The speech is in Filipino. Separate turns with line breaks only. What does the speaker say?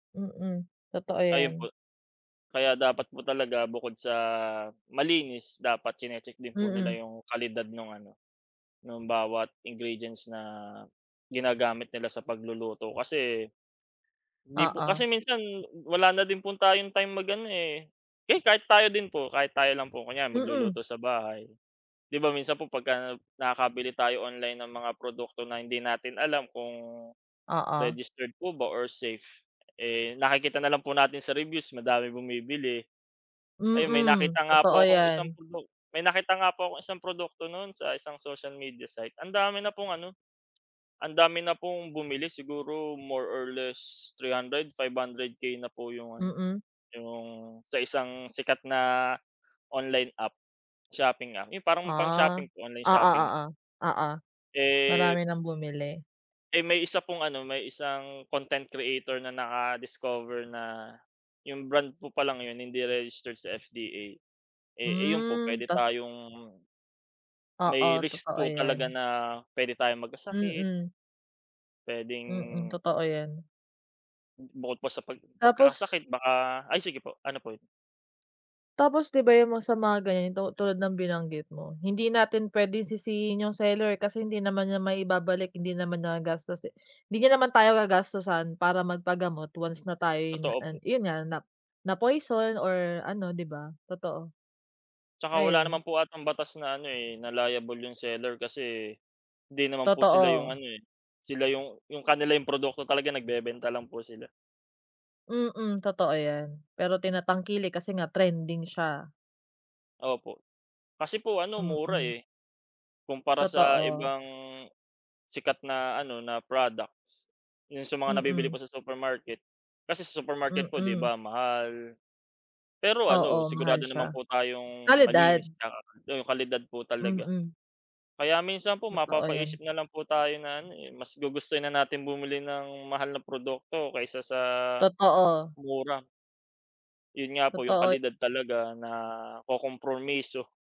Mm, totoo
Ayun
yan.
po. Kaya dapat po talaga bukod sa malinis dapat chine-check din po nila
Mm.
yung kalidad nung ano, nung bawat ingredients na ginagamit nila sa pagluluto kasi hindi po
Oo.
kasi minsan wala na din po tayong time mag-ano eh, eh, kahit tayo din po, kahit tayo lang po, kunyari magluluto
Mm.
sa bahay. 'Di ba, minsan po pagka nakabili tayo online ng mga produkto na hindi natin alam kung
Oo.
registered po ba or safe, eh, nakikita na lang po natin sa reviews madami bumibili. Ayun, may
Mm,
nakita nga
totoo
po akong isang
yan.
produk may nakita nga po akong isang produkto nun sa isang social media site, ang dami na pong ano, ang dami na pong bumili siguro more or less 300, 500K na po yung ano,
Mm.
yung sa isang sikat na online app, shopping app, yung parang pang
Ah,
shopping, online
oo,
shopping.
oo. Oo. Marami
Eh.
nang bumili.
Eh, may isa pong ano, may isang content creator na naka-discover na yung brand po palang yun, hindi registered sa FDA. Eh, ayun po
Hmm,
puwede
tas.
tayong may
Oo,
risk
totoo
po talaga
yan.
na puwede tayong magkasakit
Mm. Mm,
puwedeng,
totoo yan.
Bukod pa sa pag
Tapos
pagkakasakit baka ay sige po, ano po?
Tapos, 'di ba yung mga sa mga ganito tulad ng binanggit mo, hindi natin puwedeng sisihin yung seller kasi hindi naman niya maibabalik, hindi naman niya gastos, eh. Hindi niya naman tayo gagastusan para magpagamot once na tayo'y nag
Totoo
ano
po.
yun nga, na na-poison or ano,' di ba? Totoo.
Tsaka wala
Ayun.
naman po atang batas na ano eh, na liable yung seller kasi hindi naman po sila 'yong
Totoo.
ano eh, sila yung yung kanilang produkto talaga, nagbebenta lang po sila.
Mm, totoo yan. Pero tinatangkilik kasi nga trending siya.
Opo. Kasi po ano mura
Mm.
eh, kumpara sa
Totoo.
ibang sikat na ano, na products. Yun sa mga nabibili
Mm.
po sa supermarket. Kasi sa supermarket po 'di
Mm.
ba mahal. Pero ano
Oo, mahal
sigurado naman
siya.
po tayong
Kalidad.
malinis 'tsaka yung kalidad po talaga.
Mm.
Kaya minsan po,
Totoo yan.
mapapaisip nalang po tayo na ano eh, mas gugustuhin na natin bumili ng mahal na produkto kaysa sa
Totoo.
mura. Yun nga po yung
Totoo.
kalidad talaga nakokompromiso.